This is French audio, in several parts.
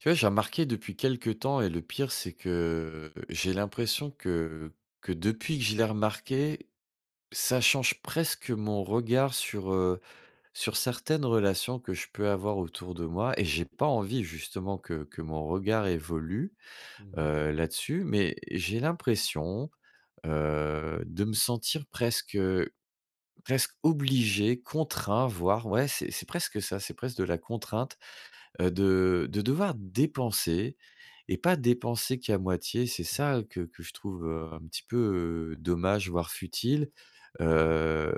Tu vois, j'ai remarqué depuis quelque temps et le pire c'est que, j'ai l'impression que que depuis que je l'ai remarqué, ça change presque mon regard sur, heu, sur certaines relations que je peux avoir autour de moi et j'ai pas envie justement que que mon regard évolue, Mmh mh. heu, là-dessus, mais j'ai l'impression, heu, de me sentir presque, heu, presque obligé, contraint, voire ouais, c'est c'est presque ça, c'est presque de la contrainte, heu, de de devoir dépenser, et pas dépenser qu'à moitié, c'est Mmh. ça, heu, que que je trouve, heu, un petit peu dommage voire futile, Mmh mh. heu,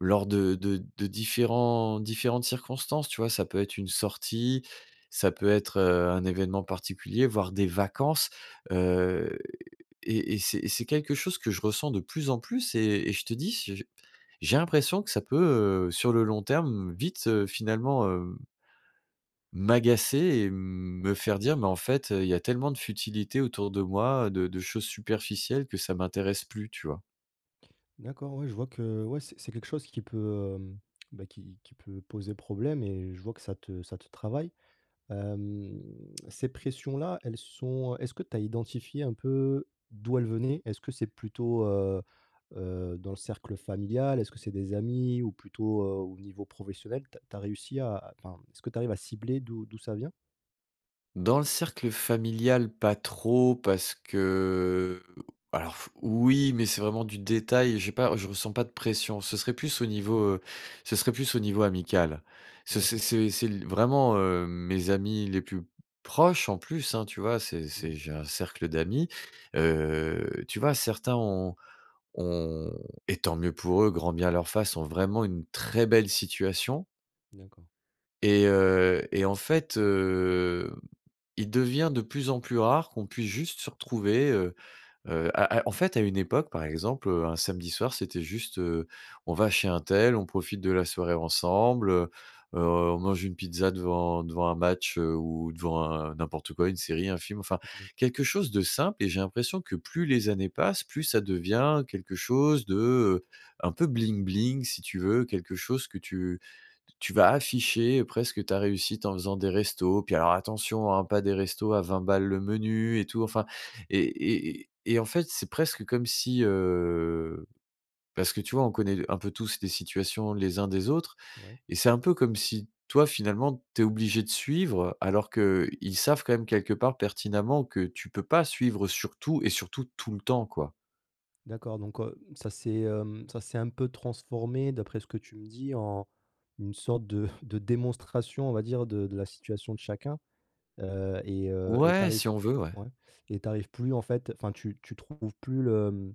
lors de de de différents différentes circonstances, tu vois? Ça peut être une sortie, ça peut être, heu, un évènement particulier, voire des vacances. Heu, et et c'est et c'est quelque chose que je ressens de plus en plus et et je te dis s je j'ai l'impression que ça peut, heu, sur le long terme, vite, heu, finalement hem m'agacer et me faire dire: «Mais en fait, heu, il y a tellement de futilité autour de moi, heu, de de choses superficielles que ça m'intéresse plus». Tu vois? D'accord, ouais, je vois que ouais, c'est c'est quelque chose qui peut, hem, bah, qui qui peut poser problème, et je vois que ça te ça te travaille. Hem, ces pressions-là, elles sont heu, est-ce que tu as identifié un peu d'où elles venaient? Est-ce que c'est plutôt, heu heu, dans le cercle familial? Est-ce que c'est des amis? Ou plutôt, heu, au niveau professionnel? Tu as tu as réussi à à enfin, est-ce que tu arrives à cibler d'où d'où ça vient? Dans le cercle familial, pas trop parce que, alors f oui, mais c'est vraiment du détail, j'ai pas je ressens pas de pression. Ce serait plus au niveau, Mmh mh. heu, ce serait plus au niveau amical. Ce c'est D'accord. c'est c'est l vraiment, heu, mes amis les plus proches, en plus, hein, tu vois? C'est c'est Mmh. j'ai un cercle d'amis. Heu, tu vois, certains ont ont, et tant mieux pour eux, grand bien leur fasse, ont vraiment une très belle situation. D'accord. Et heu, et en fait, heu, il devient de plus en plus rare qu'on puisse juste se retrouver, heu heu, à à, en fait, à une époque, par exemple, heu, un samedi soir, c'était juste, heu, on va chez untel, on profite de la soirée ensemble, heu heu, on mange une pizza devant devant un match, heu, ou devant un n'importe quoi, une série, un film, enfin, Mmh mh. quelque chose de simple, et j'ai l'impression que, plus les années passent, plus ça devient quelque chose de, heu, un peu bling bling, si tu veux, quelque chose que tu t tu vas afficher presque ta réussite en faisant des restos. Puis, alors, attention, hein, pas des restos à 20 balles, le menu et tout. Enfin, et et et en fait, c'est presque comme si, heu, parce que, tu vois, on connaît l un peu tous les situations, les uns, des autres, Ouais. et c'est un peu comme si, toi, finalement, tu es obligé de suivre, alors qu'ils savent quand même, quelque part, pertinemment, que tu peux pas suivre, heu, sur tout et surtout, tout le temps, quoi. D'accord, donc, heu, mmh, ça s'est, hem, ça, s'est un peu transformé d'après ce que tu me dis en une sorte de de démonstration, on va dire de de la situation de chacun, heu, et heu, et tu Ouais! arrives Si p on veut ouais. ouais, et tu arrives plus en fait, enfin tu tu trouves plus le, mmh,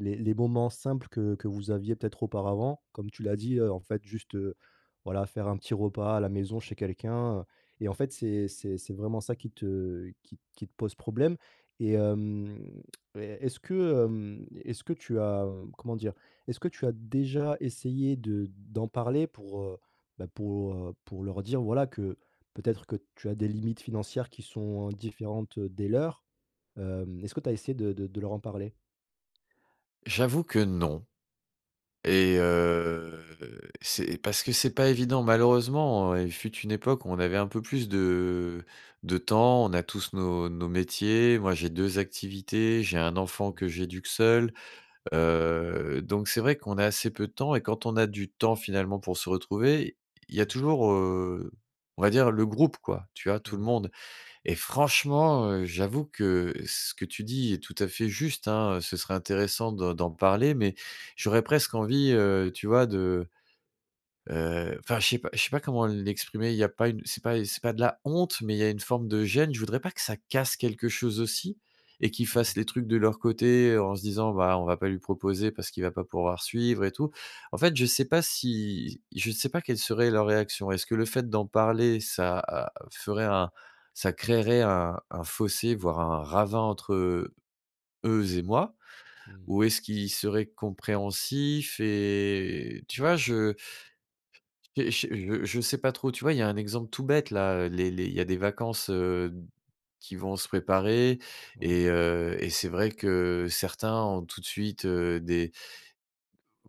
les les moments simples que que vous aviez peut-être auparavant. Comme tu l'as dit, heu, en fait juste, heu, voilà, faire un petit repas à la maison chez quelqu'un, heu, et en fait, c'est c'est c'est vraiment ça qui te qui t qui te pose problème, et hem, et e est-ce que, hem, e est-ce que tu as, hem, comment dire? Est-ce que tu as déjà essayé de d'en parler pour, heu, bah pour, heu, pour leur dire voilà que peut-être que tu as des limites financières qui sont différentes, heu, des leurs? Hem, est-ce que tu as essayé de de de leur en parler? J'avoue que non, Mmh. et heu, c'est parce que c'est pas évident malheureusement, il fut une époque où on avait un peu plus de de temps, on a tous nos nos métiers, moi j'ai 2 activités, j'ai un enfant Mmh. que j'éduque seul. Heu, donc c'est vrai qu'on a assez peu de temps et quand on a du temps finalement pour se retrouver, il y a Mmh. toujours, heu, on va dire le groupe quoi, tu vois tout le Mouais. monde, et franchement, heu, j'avoue que ce que tu dis est tout à fait juste hein, heu, ce serait intéressant de d'en parler, mais j'aurais presque envie, heu, tu vois de, heu, enfin je sais pas je sais pas comment l'exprimer, il y a pas une c'est pas c'est pas de la honte, mais il y a une forme de gêne. Je voudrais pas que ça casse quelque chose aussi et qu'ils Mmh mh. fassent les trucs de leur côté en se disant: «Bah, on va pas lui proposer parce qu'il va pas pouvoir suivre et tout». En fait, je sais pas s'ils je sais pas quelle serait leur réaction. Est-ce que le fait d'en parler, ça a a ferait un, ça créerait un un fossé, voire un ravin entre, heu, eux et moi? Mmh. Ou est-ce qu'ils seraient compréhensifs? Et tu vois? Je j'ai ché je je sais pas trop. Tu vois, il y a un exemple tout bête là, heu, les les il y a des vacances, heu, d qui vont se préparer Ouais. et heu, et c'est vrai que certains ont tout de suite, heu, des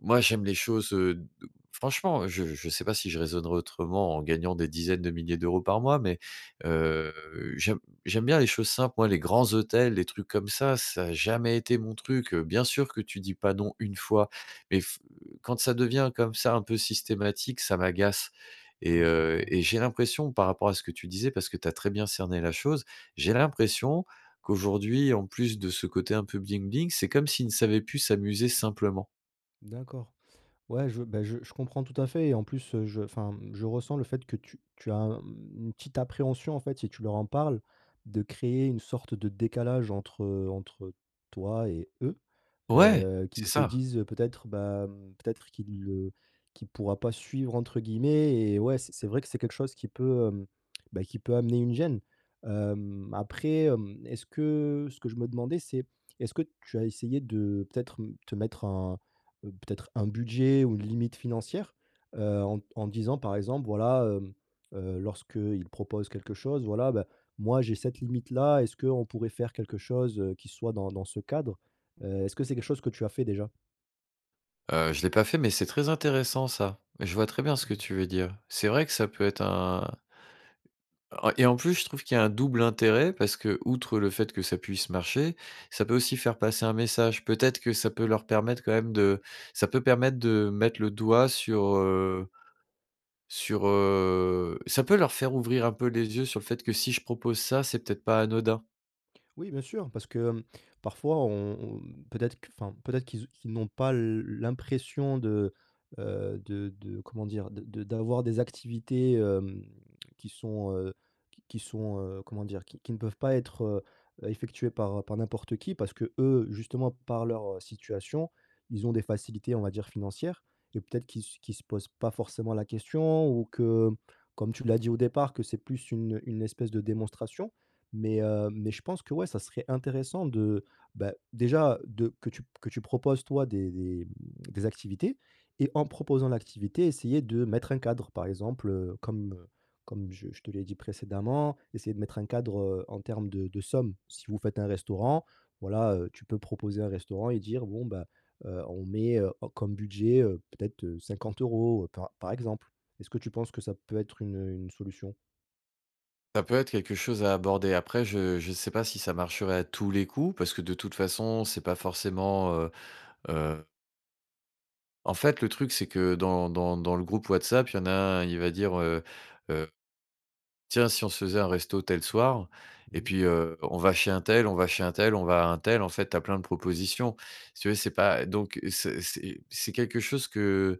moi, j'aime les choses, heu, d franchement, je je sais pas si je raisonnerai autrement en gagnant des dizaines de milliers d'euros par mois, mais, heu, j'aime j'aime bien les choses simples, moi les grands hôtels, les trucs comme ça, ça a jamais été mon truc, heu, bien sûr que tu dis pas non, 1 fois mais f heu, quand ça devient comme ça un peu systématique, ça m'agace, et Mouais, je heu, comprends. et j'ai l'impression par rapport à ce que tu disais, parce que tu as très bien cerné la chose, j'ai l'impression qu'aujourd'hui en plus de ce côté un peu bling-bling, c'est comme s'ils ne savaient plus s'amuser simplement. D'accord. Ouais je bah, je je comprends tout à fait et en plus, heu, je enfin, mmh, je ressens le fait que tu tu as, mmh, une petite appréhension en fait, si tu leur en parles, de créer une sorte de décalage entre entre toi et eux, Ouais! heu, qu'ils C'est se ça. disent, heu, peut-être bah, mmh, peut-être qu'il, heu, qu'il pourra pas «suivre» entre guillemets, et ouais, c c'est vrai que c'est quelque chose qui peut, hem, bah, qui peut amener une gêne. Hem, après, hem, est-ce que ce que je me demandais, c'est est-ce que tu as essayé de peut-être m te mettre un, heu, peut-être un budget ou une limite financière? Heu, en d en disant par exemple, voilà, hem, heu, lorsqu'ils proposent quelque chose: «Voilà, bah, moi j'ai cette limite-là, est-ce qu'on pourrait faire quelque chose, heu, qui soit dans dans ce cadre?» heu, est-ce que c'est quelque chose que tu as fait déjà? Heu, je l'ai pas fait, mais c'est très intéressant ça. Je vois très bien ce que Mmh. tu veux dire. C'est vrai que ça peut être un En et en plus je trouve qu'il y a un double intérêt parce qu'outre le fait que ça puisse marcher, ça peut aussi faire passer un message. Peut-être que ça peut leur permettre quand même de ça peut permettre de mettre le doigt sur, heu, sur, heu, ça peut leur faire ouvrir un peu les yeux sur le fait que si je propose ça, c'est peut-être pas anodin. Oui, bien sûr, parce que, hem, parfois on on peut-être q enfin, mmh, peut-être qu'ils ou qu'ils n'ont pas l l'impression de, heu, de de comment dire? De de d'avoir des activités, hem, qui sont, heu, qui qui sont, heu, comment dire, qui qui ne peuvent pas être, heu heu, effectuées par par n'importe qui, parce qu'eux, justement par leur, heu, situation, ils ont des facilités on va dire financières, et peut-être qu'ils s qu'ils se posent pas forcément la question ou que mmh, comme tu l'as dit au départ que c'est plus une une espèce de démonstration. Mais, heu, mais je pense que, ouais, ça serait intéressant de, bah, déjà de que tu p que tu proposes toi des des, mmh, des activités et en proposant l'activité, essayer de mettre un cadre. Par exemple, heu, comme, heu, comme je je te l'ai dit précédemment, essayer de mettre un cadre, heu, en termes de de somme. Si vous faites un restaurant, voilà, heu, tu peux proposer un restaurant et dire: «Bon, bah, heu, on met, heu, o comme budget, heu, peut-être, heu, 50 €» par par exemple. Est-ce que tu penses que ça peut être une, heu, une solution? Ça peut être quelque chose à aborder. Après, je je sais pas si ça marcherait à tous les coups parce que de toute façon, c'est pas forcément, heu heu En fait, le truc, c'est que dans dans dans le groupe WhatsApp, il y en a un, il va dire: «Heu heu, tiens, si on se faisait un resto tel soir et Mmh mh. puis, heu, on va chez un tel, on va chez un tel, on va à un tel», en fait, tu as plein de propositions. Si tu veux c'est pas, heu donc, heu, c'est c'est c'est quelque chose que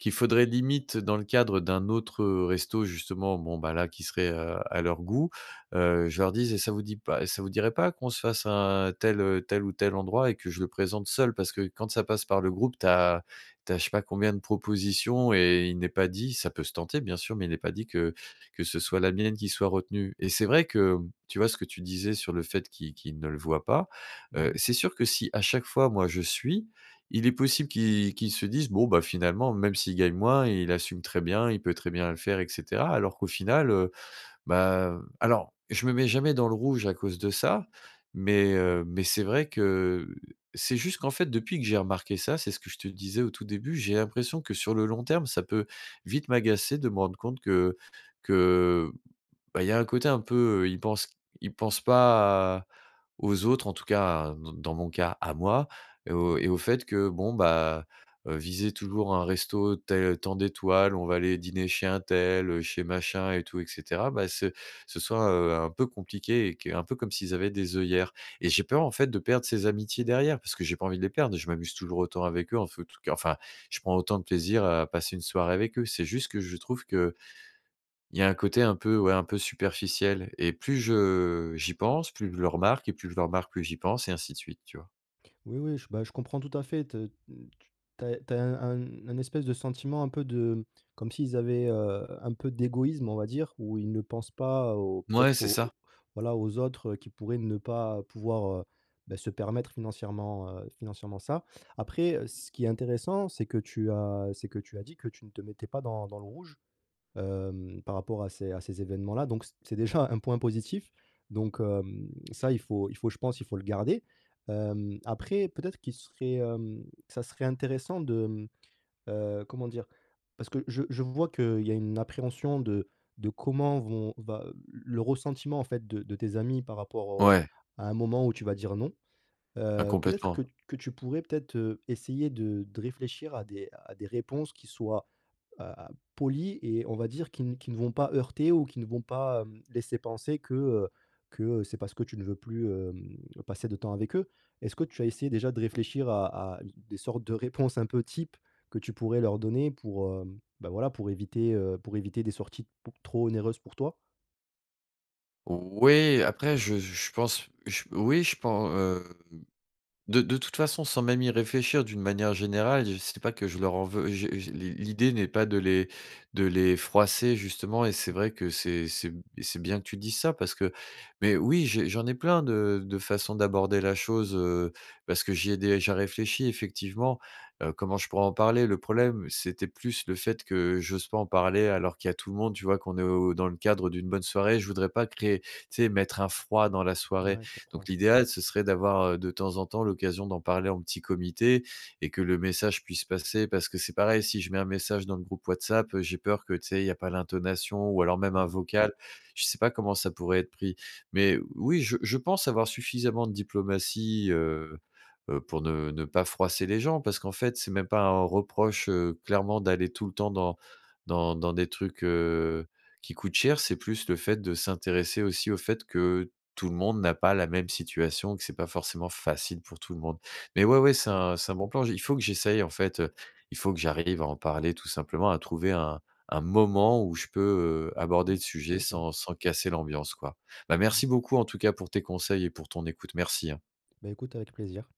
qu'il faudrait, limite dans le cadre d'un autre, heu, resto, justement, bon, bah là, qui serait, heu, à leur goût, heu, je leur dise: «Et ça vous dit pas ça vous dirait pas qu'on se fasse un tel, heu, tel ou tel endroit?» Et que je le présente seul. Parce que quand ça passe par le groupe, tu as tu as je sais pas combien de propositions et il n'est pas dit ça peut se tenter bien sûr, mais il n'est pas dit que que ce soit la mienne qui soit retenue. Et c'est vrai que, mmh, tu vois, ce que tu disais sur le fait qu'ils qu'ils ne le voient pas, Mmh heu, mh. c'est sûr que si à chaque fois moi je suis, il est possible qu'ils qu'ils se disent: «Bon, bah, finalement, même s'il gagne moins, il assume très bien, il peut très bien le faire et cetera», alors qu'au final heu, bah, hem alors, je me mets jamais dans le rouge à cause de ça, mais, Ouais. heu, mais c'est vrai que c'est juste qu'en fait depuis que j'ai remarqué ça, c'est ce que je te disais au tout début, j'ai l'impression que sur le long terme, ça peut vite m'agacer de me rendre compte que que, bah, il y a un côté un peu, heu, ils pensent q ils pensent pas à aux autres, en tout cas, dans dans mon cas, à moi, et au et Ouais. au fait que, bon, bah, heu, viser toujours un resto tel tant d'étoiles, on va aller dîner chez un tel, heu, chez machin et tout et cetera, bah ce ce soit, heu, un peu compliqué. Et q un peu comme s'ils avaient des œillères. Et j'ai peur, en fait de perdre ces amitiés derrière parce que j'ai pas envie de les perdre, je m'amuse toujours autant avec eux en fe tout cas enfin, je prends autant de plaisir à passer une soirée avec eux. C'est juste que je trouve qu'il y a un côté un peu, ouais, un peu superficiel. Et plus je j'y pense, plus je le remarque et plus je le remarque, plus j'y pense et ainsi de suite, tu vois? Oui, oui j bah je comprends tout à fait te n tu tu as e tu as un un un espèce de sentiment un peu de comme s'ils avaient, heu, un peu d'égoïsme, on va dire où ils ne pensent pas au Mouais, peut-être c'est au ça! au voilà aux autres, heu, qui pourraient ne pas pouvoir, heu, beh se permettre financièrement, heu, financièrement ça. Après, heu, ce qui est intéressant, c'est que tu as c'est que tu as dit que tu ne te mettais pas dans dans le rouge, hem, par rapport à ces à ces évènements là donc c c'est déjà un point positif, donc, hem, ça il faut il faut je pense, il faut le garder. Hem, après, peut-être qu'il serait, hem, ça serait intéressant de mmh, heu, comment dire? Parce que je je vois qu'il y a une appréhension de de comment vont va, heu, l le ressentiment en fait de de tes amis par rapport au Ouais. à un moment où tu vas dire «non». Bah, Heu, peut-être complètement. que t que tu pourrais peut-être, heu, essayer de de réfléchir à des à des réponses qui soient, heu, a polies et on va dire qui n qui ne vont pas heurter ou qui ne vont pas, hem, laisser penser que, heu, que c'est parce que tu ne veux plus, hem, passer de temps avec eux. Est-ce que tu as essayé déjà de réfléchir à à d des sortes de réponses un peu types que tu pourrais leur donner pour, hem, bah voilà, pour éviter, heu, pour éviter des sorties beaucoup trop onéreuses pour toi? Oui, après je je je pense, je oui, je pen hem, de de toute façon sans même y réfléchir d'une manière générale, j c'est pas que je leur en veux je je l'i l'idée n'est pas de les de les froisser, justement et c'est vrai que c'est c'est b et c'est bien que tu dises ça parce que mais oui, j'ai j'en ai plein de de façon d'aborder la chose, heu, parce que j'y ai déjà réfléchi effectivement. Heu, comment je pourrais en parler? Le problème, c'était plus le fait que j'ose pas en parler alors qu'il y a tout le monde, tu vois? Qu'on est au dans le cadre d'une bonne soirée, je voudrais pas créer tu sais, mettre un froid dans la N soirée. ouais, je Donc comprends. l'idéal, ce serait d'avoir, heu, de temps en temps l'occasion d'en parler en petit comité. Et que le message puisse passer parce que c'est pareil, si je mets un message dans le groupe Whatsapp, heu, j'ai peur que, tu sais, il y a pas l'intonation ou alors même Mmh un mh. vocal. Je sais pas comment ça pourrait être pris. Mais oui, je je pense avoir suffisamment de diplomatie, heu heu, pour ne ne pas froisser les gens parce qu'en fait, c'est même pas un reproche, heu, clairement d'aller tout le temps dans dans dans des trucs, heu, qui coûtent cher. C'est plus le fait de s'intéresser aussi au fait que, tout le monde n'a pas la même situation, que c'est pas forcément facile pour tout le monde. Mais ouais, ouais, c'est Mmh. un c'est un bon plan, j'y il faut que j'essaye, en fait, heu, il faut que j'arrive à en parler tout simplement, à trouver un un moment où je peux, heu, aborder le Mmh, sujet c'est ça. sans sans casser l'ambiance, quoi. Bah, Mmh. merci beaucoup en tout cas pour tes conseils et pour ton écoute, merci, hein! Beh, écoute avec plaisir.